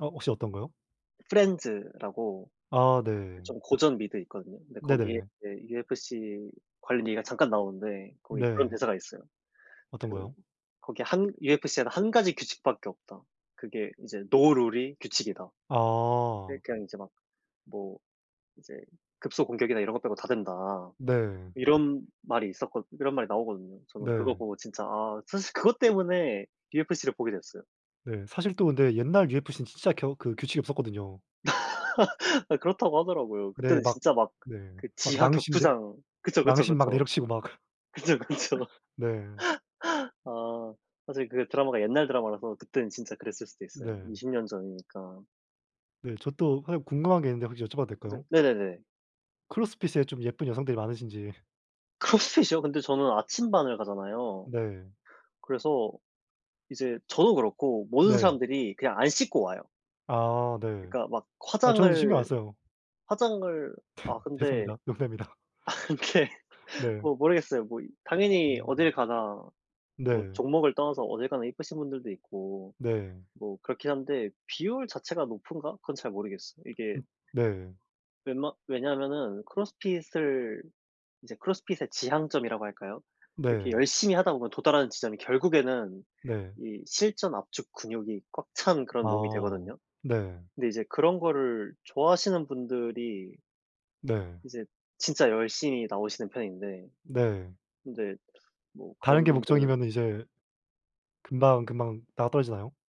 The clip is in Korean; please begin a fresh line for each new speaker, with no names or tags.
어 혹시 어떤 거요?
프렌즈라고
아
그
네.
좀 고전 미드 있거든요. 근데 거기에
네네.
이제 UFC 관련 얘기가 잠깐 나오는데 거기 그런
네.
대사가 있어요.
어떤
그
거요?
거기 1 "UFC에는 1 가지 규칙 밖에 없다." 그게 이제 "No rule이 규칙이다."
아.
그러니까 이제 막 뭐 이제 "급소 공격이나 이런 거 빼고 다 된다."
네.
이런 말이 있었거 이런 말이 나오거든요. 저는 그거
네.
보고 진짜 아 사실 그것 때문에 UFC를 보게 됐어요.
네. 사실 또 근데 옛날 UFC는 진짜 겨 그 규칙이 없었거든요.
아 그렇다고 하더라고요.
네
그때는
막
진짜 막
네.
그
막
지하
낭심 네
격투장 그쵸, 그쵸,
낭심 막
그쵸.
내려치고 막
그쵸, 그쵸.
네.
아 사실 그게 드라마가 옛날 드라마라서 그때는 진짜 그랬을 수도 있어요.
네.
20 년 전이니까.
네. 저 또 사실 궁금한 게 있는데 혹시 여쭤봐도
이제
될까요?
네네네.
크로스핏에 좀 예쁜 여성들이 많으신지.
크로스핏이요? 근데 저는 아침반을 가잖아요.
네.
그래서 이제 저도 그렇고 모든
네.
사람들이 그냥 안 씻고 와요.
아 네.
그러니까 막
아 저는 이제 신경 안
화장을,
써요.
화장을 아 근데
죄송합니다. 농담입니다.
아 근데
네.
뭐 모르겠어요. 뭐 이 당연히 어딜
음.
가나 뭐
네.
종목을 떠나서 어딜 가나 예쁘신 분들도 있고
네.
뭐 그렇긴 한데 비율 자체가 높은가? 그건 잘 모르겠어요. 이게
음 네.
웬만 왜냐면은 크로스핏을 이제 크로스핏의 지향점이라고 할까요. 이렇게
네.
열심히 하다 보면 도달하는 지점이 결국에는
네.
이 실전 압축 근육이 꽉 찬 그런 몸이
아.
되거든요.
네.
근데 이제 그런 거를 좋아하시는 분들이
네.
이제 진짜 열심히 나오시는 편인데.
네.
근데 뭐
다른
그런
게
분들
목적이면 이제 금방 금방 나가떨어지나요?